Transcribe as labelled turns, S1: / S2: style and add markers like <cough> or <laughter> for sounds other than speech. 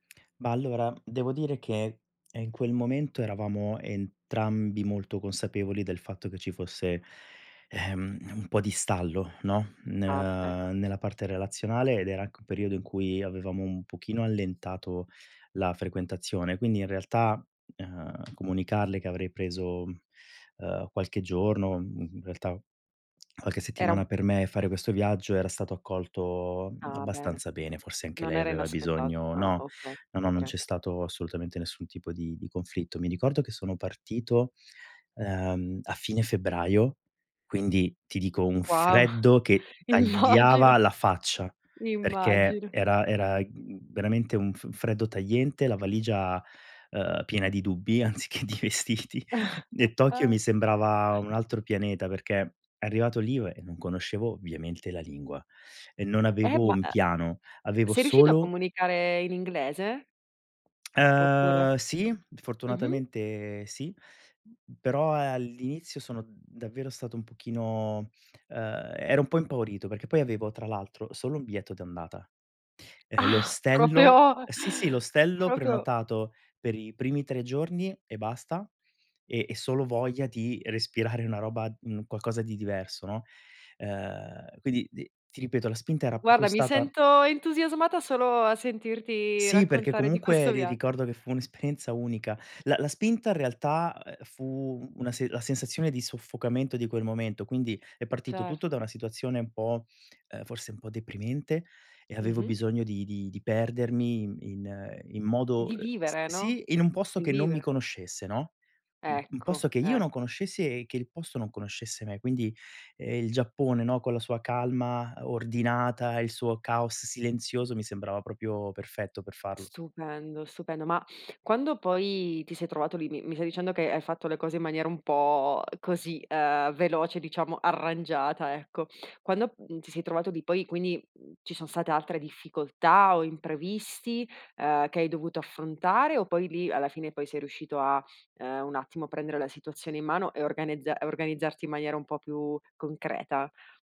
S1: Ma allora, devo dire che, ehm, in quel momento eravamo entrambi molto consapevoli del fatto che ci fosse, ehm, un po' di stallo, no, n
S2: Ah ecco.
S1: ehm, nella parte relazionale ed era anche un periodo in cui avevamo un pochino allentato la frequentazione. Quindi in realtà, ehm, comunicarle che avrei preso, ehm, qualche giorno, mhmm, in realtà qualche
S2: Era un
S1: settimana per me e fare questo viaggio era stato accolto a
S2: Ah bene,
S1: abbastanza bene, forse anche
S2: non
S1: lei
S2: era
S1: aveva
S2: inaspetta
S1: bisogno
S2: ah
S1: no,
S2: okay,
S1: no, non
S2: okay.
S1: c'è stato assolutamente nessun tipo di di conflitto. Mi ricordo che sono partito, ehm, a fine febbraio, quindi ti dico un
S2: Wow,
S1: freddo che
S2: <chuckles> immagino.
S1: tagliava la faccia, perché
S2: Immagino.
S1: era era, mhmm, veramente un f freddo tagliente, la valigia, ehm, piena di dubbi anziché di vestiti. E Tokyo mi sembrava un
S2: <chuckles>
S1: altro pianeta, perché arrivato lì io e non conoscevo ovviamente la lingua e non
S2: Eh
S1: avevo
S2: ma
S1: un
S2: e
S1: piano, avevo
S2: sei riuscito a
S1: solo
S2: comunicare in inglese? Oppure
S1: Ehm, sì,
S2: mh mh.
S1: fortunatamente sì, però all'inizio sono davvero stato un pochino, ehm, ero un po' impaurito, perché poi avevo tra l'altro solo un biglietto d'andata. Ehm,
S2: Ah,
S1: l'ostello
S2: propio
S1: sì, sì, l'ostello
S2: propio.
S1: prenotato per i primi 3 giorni e basta e e solo voglia di respirare una roba, mhmm, qualcosa di diverso, no, ehm, quindi t ti ripeto, la spinta era proprio
S2: Guarda, mi
S1: stata
S2: sento entusiasmata solo a sentirti
S1: Sì, perché
S2: raccontare di
S1: comunque
S2: questo
S1: ri
S2: via
S1: ricordo che fu un'esperienza unica. La la spinta in realtà, ehm, fu una la sensazione di soffocamento di quel momento, quindi è partito tutto da
S2: Certo.
S1: una situazione un po', ehm, forse un po' deprimente e avevo
S2: Mh-mh.
S1: bisogno di di di perdermi in in in modo
S2: Di vivere, no,
S1: sì in un posto
S2: di
S1: che non mi
S2: vivere.
S1: conoscesse, no, un un
S2: Ecco,
S1: posto che io non
S2: ecc
S1: conoscessi e che il posto non conoscesse me. Quindi, ehm, il Giappone, no, con la sua calma ordinata e il suo caos silenzioso mi sembrava proprio perfetto per farlo.
S2: Stupendo, stupendo. Ma quando poi ti sei trovato lì, mi mi stai dicendo che hai fatto le cose in maniera un po' così, ehm, veloce diciamo arrangiata ecco, quando n ti sei trovato lì, poi quindi ci sono state altre difficoltà o imprevisti, ehm, che hai dovuto affrontare o poi lì alla fine poi sei riuscito a, ehm, un attimo a prendere la situazione in mano e organezza organizzarti in maniera un po' più concreta?